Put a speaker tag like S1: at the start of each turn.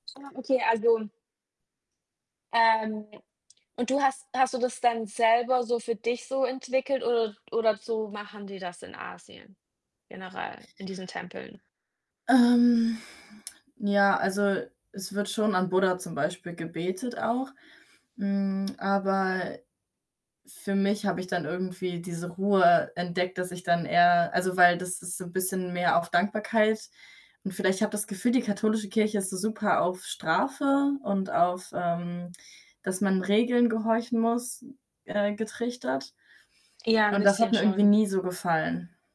S1: [unintelligible] okay, also ähm, und du hast hast du das dann selber so für dich so entwickelt oder oder so machen die das in Asien generell in diesen Tempeln?
S2: Ähm, ja, also, es wird schon an Buddha zum Beispiel gebetet auch, mm, aber für mich habe ich dann irgendwie diese Ruhe entdeckt, dass ich dann eher also, weil das ist so 'n bisschen mehr auf Dankbarkeit, und vielleicht habe das Gefühl, die katholische Kirche ist so super auf Strafe und auf, ähm, dass man Regeln gehorchen muss, äh, getrichtert.
S1: Ja, 'n
S2: Und das hat
S1: bisschen
S2: mir irgendwie
S1: schon.
S2: nie so gefallen.